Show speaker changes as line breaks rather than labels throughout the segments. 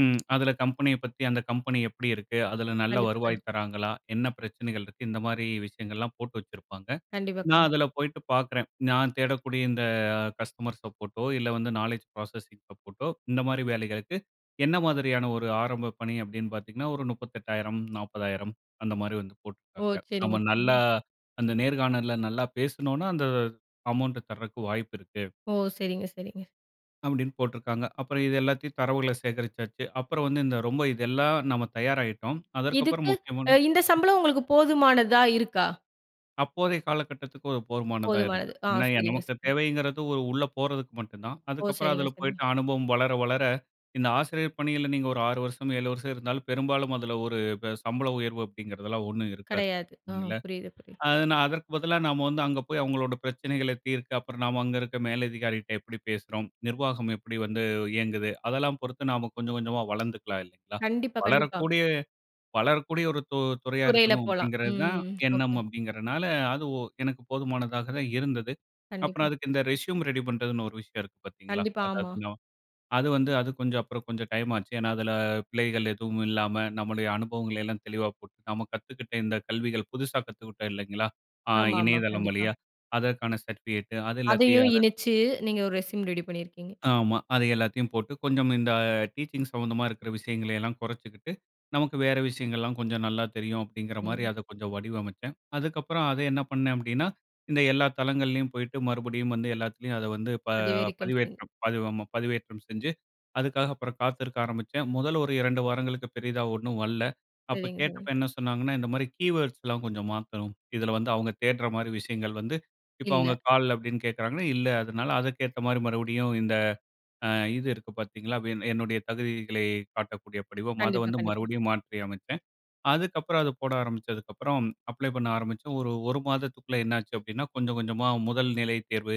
ம் அதில கம்பெனிய பத்தி, அந்த கம்பெனி எப்படி இருக்கு? அதில நல்ல
கண்டிப்பா, கண்டிப்பா.
வருவாய் தராங்களா, என்ன பிரச்சனைகள் இருக்கு? இந்த மாதிரி விஷயங்கள்லாம் போட்டு வச்சிருப்பாங்க.
கண்டிப்பா,
நான்
கண்டிப்பா.
அதில போயிட்டு பாக்குறேன். நான் தேடக்கூடிய இந்த கஸ்டமர்ஸ் சப்போர்டோ, இல்ல வந்து, நாலெட்ஜ் புராசஸிங் சப்போர்டோ, இந்த மாதிரி வேலைகளுக்கு என்ன மாதிரியான ஒரு ஆரம்ப பணி அப்படீன்னு பாத்தீங்கன்னா, ஒரு 38,000, 40,000 அந்த மாதிரி வந்து
ஓ!
போட்டிருக்காங்க.
சரிங்க,
நம்ம நல்லா
சரிங்க.
அந்த நேர்காணல்ல நல்லா பேசினோம்னா, அந்த அமௌன்ட் தரக்கு வாய்ப்பு இருக்கு.
ஓ! சரிங்க, சரிங்க.
அப்படின்னு போட்டு இருக்காங்க. அப்புறம் இது எல்லாத்தையும் தரவுகள சேகரிச்சாச்சு. அப்புறம் வந்து இந்த இதெல்லாம் தயாராயிட்டோம்.
இதுக்கு,
அதற்கப்புறம்
அ
முக்கியமான
இந்த சம்பளம் உங்களுக்கு போதுமானதா இருக்கா?
அப்போதைய காலகட்டத்திக்கு ஒரு போதுமானதா
போதுமானது.
இருந்தது.
ஆ,
[unintelligible]
சரிங்க,
நமக்கு
சரிங்க.
தேவைங்கிறது ஒரு உள்ள போறதுக்கு மட்டும் தான்.
ஓ!
அதுக்கப்புறம்
சரிங்க,
அதில
சரிங்க.
போய்ட்டு அனுபவம் வளர, வளர இந்த ஆசிரியர் பணியில நீங்க ஒரு 6 வருஷம், 7 வருஷம் இருந்தாலும், பெரும்பாலும் அதில ஒரு சம்பள உயர்வு அப்படிங்கிறதெல்லாம் ஒண்ணும் இருக்காது.
கெடையாது. ம். புரியுது, புரியுது.
நான் அதற்கு பதிலா நாம வந்து அங்க போய் அவங்களோட பிரச்சனைகள தீர்க்க. அப்புறம் நாம அங்க இருக்கிற மேலதிகாரி கிட்ட எப்படி பேசுறோம்? நிர்வாகம் எப்படி வந்து இயங்குது? அதெல்லாம் பொறுத்து நாம கொஞ்சம் கொஞ்சமா வளர்ந்துக்கலாம் இல்லைங்களா?
கண்டிப்பா, கண்டிப்பா.
வளரக்கூடிய, வளரக்கூடிய ஒரு து துறையா
துறையில
இருக்கணும்.
போலாம்.
அப்படிங்கிறது தான்
ம்.
எண்ணம்
ஓகே.
அப்படிங்கிறதனால, அது எனக்கு போதுமானதா தான் இருந்தது. அப்புறம்
கண்டிப்பா.
அதுக்கு இந்த ரெஸ்யூம் ரெடி பண்ணுறதுன்னு ஒரு விஷயம் இருக்கு பாத்தீங்களா,
கண்டிப்பா. ஆமா.
அதாவது அது வந்து அது கொஞ்சம் அப்புறம் கொஞ்சம் டைம்மாச்சு. ஏனா, அதில பிழைகள் ஏதுவும் இல்லாம, நம்முடைய அனுபவங்களையெல்லாம் தெளிவா போட்டு நாம கத்துக்கிட்ட இந்த கல்விகள் புதுசா கத்துக்கிட்டோம். இல்லைங்களா? ஆ
ஆமாமா.
இணையதளம்
கண்டிப்பா.
வழியா அதற்கான சர்டிஃபிகேட். அது எல்லாத்தையும்
அதையும்
அத,
இனச்சு, நீங்க ஒரு ரெஸ்யூம் ரெடி பண்ணியிருக்கீங்க.
ஆமா. அத எல்லாத்தையும் போட்டு கொஞ்சம் இந்த ஆ டீச்சிங் சம்மந்தமா இருக்கிற விஷயங்களை எல்லாம் கொறச்சுக்கிட்டு, நமக்கு வேற விஷயங்கள்லெல்லாம் கொஞ்சம் நல்லா தெரியும். அப்படிங்கிற மாதிரி,
ம்.
அத கொஞ்சம் வடிவமச்சேன். அதுக்கப்புறம் அத என்ன பண்னே? அப்டீனா, இந்த எல்லா தளங்கள்லேயும் போயிட்டு மறுபடியும் வந்து, எல்லாத்திலயும் ப வந்து
அதுவரைக்கும் சரி.
பதி ஆமா பதிவேற்றம் செஞ்சு, அதுக்காக காத்திருக்க ஆரம்பிச்சேன். மொதல்ல ஒரு 2 வாரங்களுக்கு பெரிதா ஒண்ணும் வர்ல. அப்ப
சரிங்க, சரிங்க.
கேட்டப்ப என்ன சொன்னாங்கன்னா, இந்த மாரி கீவேர்ட்ஸ் எல்லாம் கொஞ்சம் மாத்தணும். இதில வந்து அவங்க தேட்ற மாதிரி விஷயங்கள் வந்து, இப்போ அவங்க
இல்ல.
கால் அப்படின்னு கேட்டாங்கன்னா, இல்ல. அதனால அதற்கேத்தா மாரி மறுபடியும் இந்த ஆ இது இருக்கு பாத்தீங்களா, அப்படீன்னு என்னுடைய தகுதிகளை காட்டக்கூடிய படிவம்மா, அதை
கண்டிப்பா,
வந்து
கண்டிப்பா.
மறுபடியும் மாற்றியமச்சேன். அதுக்கப்புறம் அது போட ஆரம்பிச்சதுக்கப்புறம். அப்ளை பண்ண ஆரம்பிச்சேன். ஒரு, ஒரு மாதத்துக்குள்ள என்னாச்சு அப்படின்னா, கொஞ்சம் கொஞ்சமா 1 நிலை தேர்வு,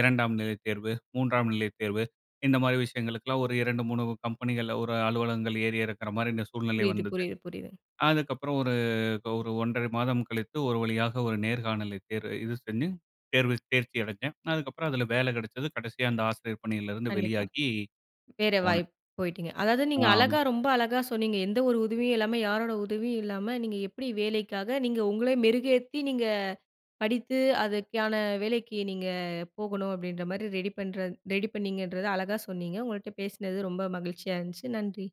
2 நிலைத் தேர்வு, 3 நிலைத் தேர்வு. இந்த மாரி விஷயங்களுக்கெல்லாம் ஒரு 2, 3 கம்பெனிகள், ஒரு அலுவலகங்கள் ஏறி இறக்கிற மாதிரி இந்த சூழ்நிலை வந்தது.
புரியுது-புரியுது-புரியுது.
அதுக்கப்புறம் ஒரு, 1 1/2 மாதம் கழித்து ஒரு வழியா ஒரு நேர்காணலை தேர்வ இது பண்ணி தேர்வு தேர்ச்சி அடச்சேன். அதுக்கப்புறம் அதில வேல கெடச்சது கடைசியா, அந்த ஆசிரியர் பணியிலிருந்து
கண்டிப்பா.
வெளியாகி
வேற
போனேன்.
வாய்ப்பு போய்ட்டீங்க. அதாவது நீங்க
ஆமா.
அழகா, ரொம்ப அழகா சொன்னீங்க. எந்த ஒரு உதவியும் இல்லாம, யாரோட உதவியும் இல்லாம, நீங்க எப்படி வேலைக்காக நீங்க உங்கள மெருகேத்தி, நீங்க படித்து அதுக்கான வேலைக்கு நீங்க போகணும். அப்படீன்ற மாரி ரெடி, பண்ற ரெடி பண்ணீங்கன்றத அழகா சொன்னீங்க. உங்கள்ட்ட பேசினது ரொம்ப மகிழ்ச்சியா இருந்துச்சு, நன்றி.